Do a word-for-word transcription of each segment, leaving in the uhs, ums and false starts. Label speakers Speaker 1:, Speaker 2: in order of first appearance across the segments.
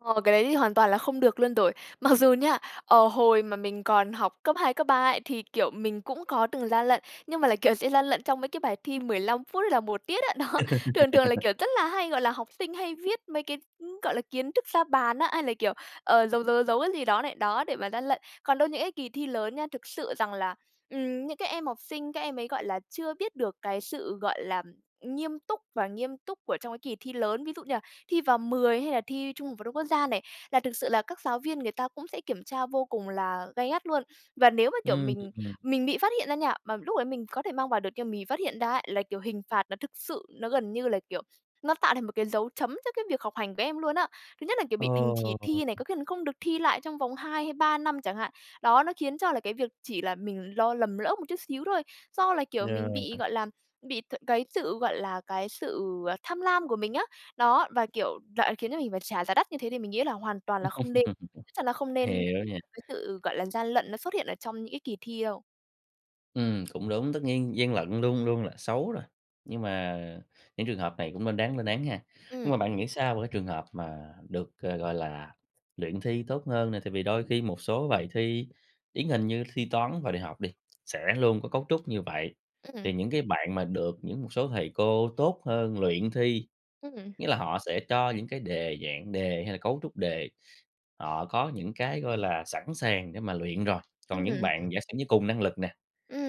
Speaker 1: Ờ, cái đấy thì hoàn toàn là không được luôn rồi. Mặc dù nha, ờ, hồi mà mình còn học cấp hai, cấp ba ấy, thì, kiểu, mình cũng có từng gian lận. Nhưng mà là, kiểu, sẽ gian lận trong mấy cái bài thi mười lăm phút hay là một tiết á. Đó, thường thường là, kiểu, rất là hay, gọi là, học sinh hay viết mấy cái, ừm, gọi là, kiến thức ra bàn á, hay là, kiểu, ờ, giấu, giấu, giấu, giấu cái gì đó này, đó, để mà gian lận. Còn đâu những cái kỳ thi lớn nha, thực sự rằng là, ừm, những cái em học sinh các em ấy, gọi là, chưa biết được cái sự, gọi là, nghiêm túc và nghiêm túc của trong cái kỳ thi lớn. Ví dụ như là thi vào mười hay là thi Trung học phổ thông quốc gia này, là thực sự là các giáo viên người ta cũng sẽ kiểm tra vô cùng là gay gắt luôn. Và nếu mà, kiểu,
Speaker 2: Ừm.
Speaker 1: mình mình bị phát hiện ra nha, mà lúc đấy mình có thể mang vào được nhưng mà mình bị phát hiện ra ấy, là, kiểu, hình phạt nó thực sự nó gần như là, kiểu, nó tạo thành một cái dấu chấm cho cái việc học hành của em luôn á. Thứ nhất là, kiểu, bị đình chỉ
Speaker 2: Ồ.
Speaker 1: thi này, có khi còn không được thi lại trong vòng hai hay ba năm chẳng hạn. Đó, nó khiến cho là cái việc chỉ là mình lo lầm lỡ một chút xíu thôi, do là, kiểu, mình
Speaker 2: Yeah.
Speaker 1: bị, gọi là, bị th cái sự, gọi là, cái sự, à, tham lam của mình á. Đó, và, kiểu lại khiến cho mình phải trả giá đắt như thế thì mình nghĩ là hoàn toàn là không nên. Chắc chắn là không nên
Speaker 2: Hiểu
Speaker 1: [unintelligible]
Speaker 2: nha.
Speaker 1: cái sự, gọi là, gian lận nó xuất hiện ở trong những cái kỳ thi đâu.
Speaker 2: Ừm, cũng đúng, tất nhiên gian lận luôn luôn là xấu rồi. Nhưng mà những trường hợp này cũng nên đáng lên án ha. Nhưng mà
Speaker 1: Ừm.
Speaker 2: bạn nghĩ sao về cái trường hợp mà được, à, gọi là, luyện thi tốt hơn nè? Tại vì đôi khi một số bài thi, điển hình như thi Toán vào đại học đi, sẽ luôn có cấu trúc như vậy,
Speaker 1: Ừm.
Speaker 2: thì những cái bạn mà được những một số thầy cô tốt hơn luyện thi,
Speaker 1: Ừm.
Speaker 2: nghĩa là họ sẽ cho những cái đề, dạng đề hay là cấu trúc đề, họ có những cái, gọi là, sẵn sàng để mà luyện rồi. Còn những
Speaker 1: Ừm.
Speaker 2: bạn giả sử như cùng năng lực nè,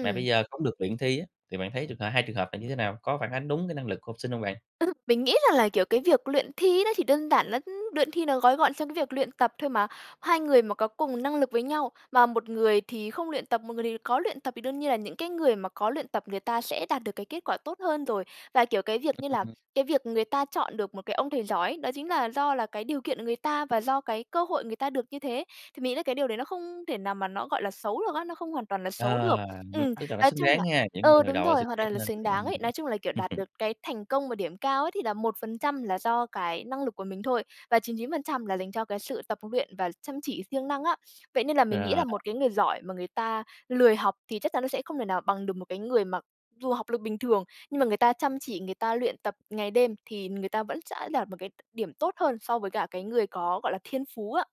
Speaker 2: mà bây giờ không được luyện thi á, thì bạn thấy trường hợp hai trường hợp này như thế nào, có phản ánh đúng cái năng lực của học sinh hông bạn?
Speaker 1: Ừm, mình nghĩ rằng là, kiểu, cái việc luyện thi nó chỉ đơn giản lá luyện thi nó gói gọn trong cái việc luyện tập thôi mà. Hai người mà có cùng năng lực với nhau, mà một người thì không luyện tập, một người thì có luyện tập, thì đương nhiên là những cái người mà có luyện tập người ta sẽ đạt được cái kết quả tốt hơn rồi. Và, kiểu, cái việc như là
Speaker 2: Ừm.
Speaker 1: cái việc người ta chọn được một cái ông thầy giỏi ấy, đó chính là do là cái điều kiện của người ta và do cái cơ hội người ta được như thế. Thì mình nghĩ là cái điều đấy nó không thể nào mà nó, gọi là, xấu được á, nó không hoàn toàn là xấu
Speaker 2: Ờ,
Speaker 1: được. Ừm,
Speaker 2: tức là nó
Speaker 1: nói
Speaker 2: xứng
Speaker 1: chung
Speaker 2: đáng
Speaker 1: là
Speaker 2: ha, những người
Speaker 1: ừ,
Speaker 2: mà
Speaker 1: đúng
Speaker 2: đậu là
Speaker 1: rồi,
Speaker 2: xứng
Speaker 1: hoàn
Speaker 2: đáng
Speaker 1: toàn là
Speaker 2: hơn.
Speaker 1: xứng đáng ấy.
Speaker 2: Ừm.
Speaker 1: Nói chung là, kiểu, đạt được cái thành công mà điểm cao ấy thì là một phần trăm là do cái năng lực của mình thôi, và chín chín phần trăm là dành cho cái sự tập luyện và chăm chỉ siêng năng á. Vậy nên là mình nghĩ
Speaker 2: Rồi.
Speaker 1: là một cái người giỏi mà người ta lười học thì chắc chắn nó sẽ không thể nào bằng được một cái người mà dù học lực bình thường nhưng mà người ta chăm chỉ, người ta luyện tập ngày đêm, thì người ta vẫn sẽ đạt một cái đ điểm tốt hơn so với cả cái người có, gọi là, thiên phú á.